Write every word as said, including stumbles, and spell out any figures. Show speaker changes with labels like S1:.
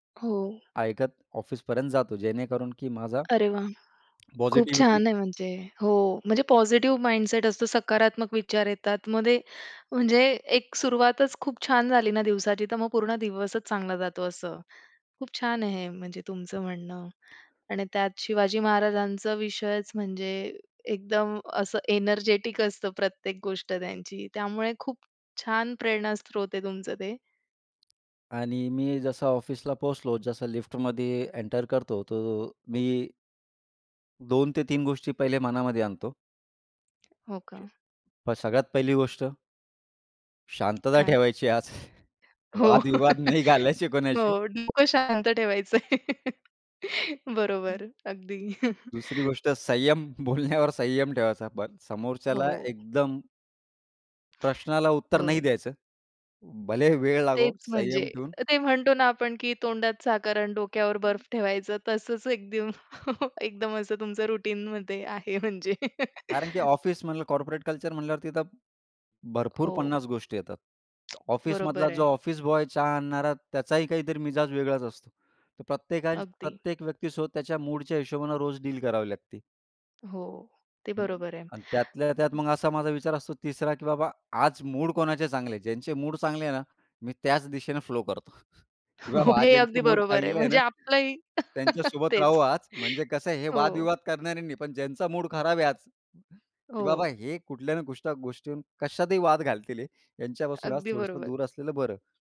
S1: हो.
S2: ऐकत ऑफिसपर्यंत जातो, जेणेकरून की माझा
S1: अरे वाह! खूप
S2: पॉझिटिव्हिटी
S1: छान आहे म्हणजे. हो, म्हणजे पॉझिटिव्ह माइंडसेट असतो, सकारात्मक विचार येतात मग ते म्हणजे एक सुरुवातच खूप छान झाली ना दिवसाची तर मग पूर्ण दिवसच चांगला जातो. असं खूप छान आहे हे म्हणजे तुमचं म्हणणं आणि त्यात शिवाजी महाराजांचं विषयच म्हणजे एकदम असं एनर्जेटिक असतं प्रत्येक गोष्ट त्यांची. त्यामुळे खूप छान प्रेरणास्रोत आहे तुमचं ते.
S2: आणि मी जसं ऑफिसला पोहोचलो, जसं लिफ्टमध्ये एंटर करतो तो मी दोन ते तीन गोष्टी पहिले मनामध्ये आणतो.
S1: हो का?
S2: अ, सगळ्यात पहिली गोष्ट शांतता
S1: काय?
S2: ठेवायची आज,
S1: हो.
S2: वादविवाद नाही घालायची कोणाशी.
S1: हो, डोकं शांत ठेवायचंय. बरोबर, अगदी.
S2: दुसरी गोष्ट संयम. बोलण्यावर संयम ठेवायचा, पण समोरच्याला
S1: हो.
S2: एकदम प्रश्नाला उत्तर
S1: ब
S2: नाही द्यायचं. भले वेळ लागो,
S1: तेच म्हणजे
S2: संयम ठेऊन
S1: ते म्हणतो ना, आपण की तोंडात साखर आणि डोक्यावर बर्फ ठेवायचं तसंच एक एकदम, एकदम असं तुमचं रुटीन म्हणतय आहे म्हणजे.
S2: कारण की ऑफिस म्हणलं, कॉर्पोरेट कल्चर म्हटल्यावर तिथ भरपूर
S1: हो.
S2: पन्नास गोष्टी येतात. ऑफिसमधला
S1: बरोबर
S2: जो
S1: आहे.
S2: ऑफिस बॉय चहा आणणारा, त्याचाही काहीतरी मिजाज वेगळाच असतो. तर प्रत्येकाच्या
S1: अगदी.
S2: प्रत्येक व्यक्तीसोबत त्याच्या मूडच्या हिशोबानं रोज डील करावी लागते.
S1: हो, ते बरोबर आहे.
S2: अन् त्यातल्या त्यात मग असा माझा विचार असतो. तिसरा, की बाबा आज मूड कोणाचे चांगले आहेत. ज्यांचे मूड चांगले आहे ना, मी त्याच दिशेने फ्लो करतो, की
S1: हो,
S2: बाबा आज
S1: हे
S2: ज्यांचे
S1: अगदी
S2: मूड
S1: बरोबर आहे.
S2: चांगले आहे
S1: म्हणजे
S2: ना
S1: आपलंही
S2: त्यांच्यासोबत राहू
S1: तेच.
S2: आज. म्हणजे कसं हे
S1: हो.
S2: वाद-विवाद करणाऱ्यांनी पण ज्यांचा मूड खराब आहे आज, की बाबा
S1: हो.
S2: हे कुठल्याने कुष्ट गोष्टीहुन कशातही वाद घालतील हे. ह्यांच्यापासून आज
S1: अगदी
S2: थोडसं
S1: बरोबर.
S2: दूर असलेलं बरं.